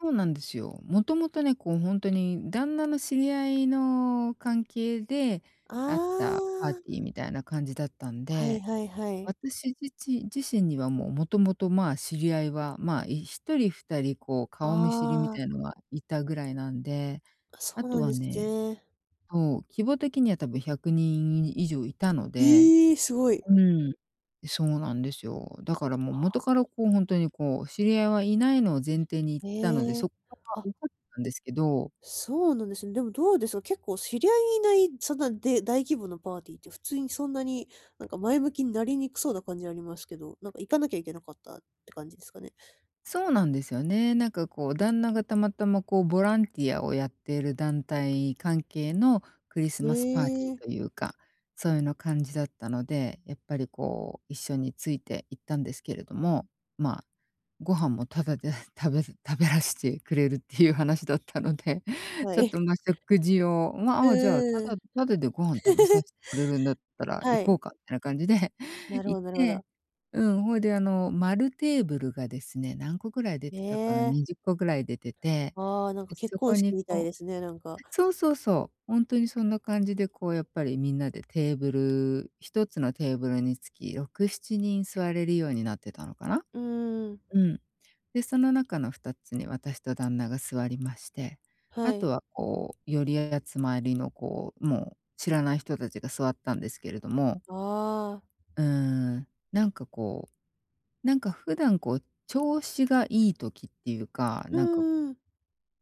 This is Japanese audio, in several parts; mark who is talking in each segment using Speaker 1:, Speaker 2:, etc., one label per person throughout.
Speaker 1: そうなんですよ。元々ね、こう、ほんとに旦那の知り合いの関係で、
Speaker 2: あ
Speaker 1: あったパーテ
Speaker 2: あ。
Speaker 1: ィーみたいな感じだったん
Speaker 2: はい
Speaker 1: で、
Speaker 2: はいはい。
Speaker 1: 私自ち、自身にはもう元々ま、知り合いはま、い1人2人こう、顔見知りみ
Speaker 2: ああ。
Speaker 1: たいなのはいたぐらいなんで、
Speaker 2: そ
Speaker 1: あ
Speaker 2: う
Speaker 1: と
Speaker 2: なん
Speaker 1: は
Speaker 2: です
Speaker 1: ね、
Speaker 2: ね。
Speaker 1: そう、規模的には多分100人以上いたので
Speaker 2: ええ、すごい。
Speaker 1: うん。そうなんですよ。だから、もう元から
Speaker 2: [unintelligible]
Speaker 1: こう本当に、こう、知り合いはいないのを前提に行ったので、
Speaker 2: へ
Speaker 1: そ
Speaker 2: え、
Speaker 1: こは
Speaker 2: あ。
Speaker 1: おこったんですけど。
Speaker 2: そうなんですね。でも、どうでしょう、結構知り合いいない、そんなで大規模のパーティーって普通にそんなに、なんか前向きになりにくそうな感じありますけど、なんか行かなきゃいけなかったって感じですかね？
Speaker 1: そうなんですよね。なんかこう旦那がたまたまこうボランティアをやっている団体関係のクリス
Speaker 2: へ
Speaker 1: マスパーティー
Speaker 2: え。
Speaker 1: というか、そういうような感じだったので、やっぱりこう一緒について行ったんですけれども、ま、ご飯もただで食べる食べらしちくれるっていう話だったので、
Speaker 2: は
Speaker 1: ちょっ
Speaker 2: い。
Speaker 1: とま、食事を、
Speaker 2: うん
Speaker 1: ま、じゃあ
Speaker 2: うんう
Speaker 1: た
Speaker 2: ん。
Speaker 1: だただでご飯食べさせ てくれるんだったら行
Speaker 2: は
Speaker 1: こ
Speaker 2: い。
Speaker 1: うかみたいな感じで
Speaker 2: な るほ
Speaker 1: 行っ
Speaker 2: どなるほ
Speaker 1: て、
Speaker 2: ど。
Speaker 1: うん、ほいであの、丸テーブルがですね、何個ぐらい出
Speaker 2: へ
Speaker 1: てたかな？
Speaker 2: え。
Speaker 1: 20個ぐらい出てて、
Speaker 2: ああ、なん
Speaker 1: で
Speaker 2: か結
Speaker 1: そこ
Speaker 2: 婚式
Speaker 1: に
Speaker 2: みたい
Speaker 1: こう
Speaker 2: ですね、なんか。
Speaker 1: そうそうそう、本当にそんな感じでこうやっぱりみんなでテーブル1つのテーブルにつき6、7人座れるようになってたのかな？
Speaker 2: うんうんうん。
Speaker 1: うん。で、その中の2つに私と旦那が座りまして、あ
Speaker 2: はい。
Speaker 1: とはこう寄り集まりのこうもう知らない人達が座ったんですけれども
Speaker 2: ああ。
Speaker 1: うーん、なんかこう、なんか普段こう調子がいい時っていうか、
Speaker 2: うん
Speaker 1: なんか、
Speaker 2: うんうん。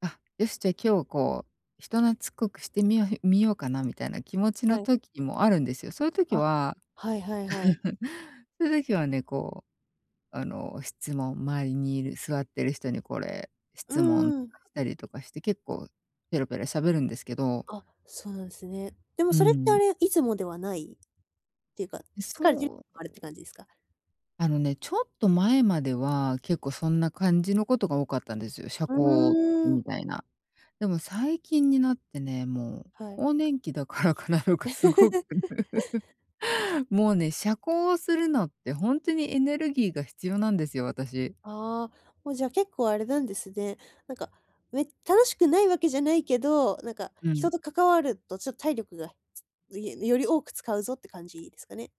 Speaker 1: あ、よしじゃあ今日こう、人懐っこくしてみよみようかなみたいな気持ちの
Speaker 2: はい。
Speaker 1: 時もあるんですよ。そういう時
Speaker 2: あ、
Speaker 1: は、
Speaker 2: はいはいはい。
Speaker 1: そういう時はね、こう、あの、質問周りにいる座っている人にこれ
Speaker 2: う
Speaker 1: 質問と
Speaker 2: んうん。
Speaker 1: かしたりとかして、結構ペラペラ喋るんですけど
Speaker 2: あ、そうなんですね。でも
Speaker 1: う
Speaker 2: それってあ
Speaker 1: ん。
Speaker 2: れ、いつもではない、っていうか、
Speaker 1: う、
Speaker 2: 疲れ
Speaker 1: そう。
Speaker 2: あるって感じですか？
Speaker 1: あのね、ちょっと前までは結構そんな感じのことが多かったんですよ、社
Speaker 2: う
Speaker 1: 交
Speaker 2: ーん。
Speaker 1: みたいな。でも最近になってね、もう、
Speaker 2: はい。
Speaker 1: 更年期だからかなとかすごく。もうね、社交をするのってほんとにエネルギーが必要なんですよ、私。
Speaker 2: ああ、もうじゃあ結構あれなんですね。なんか、め楽しくないわけじゃないけど、なんか
Speaker 1: う
Speaker 2: 人
Speaker 1: ん。
Speaker 2: と関わるとちょっと体力が より多く使うぞって感じですかね。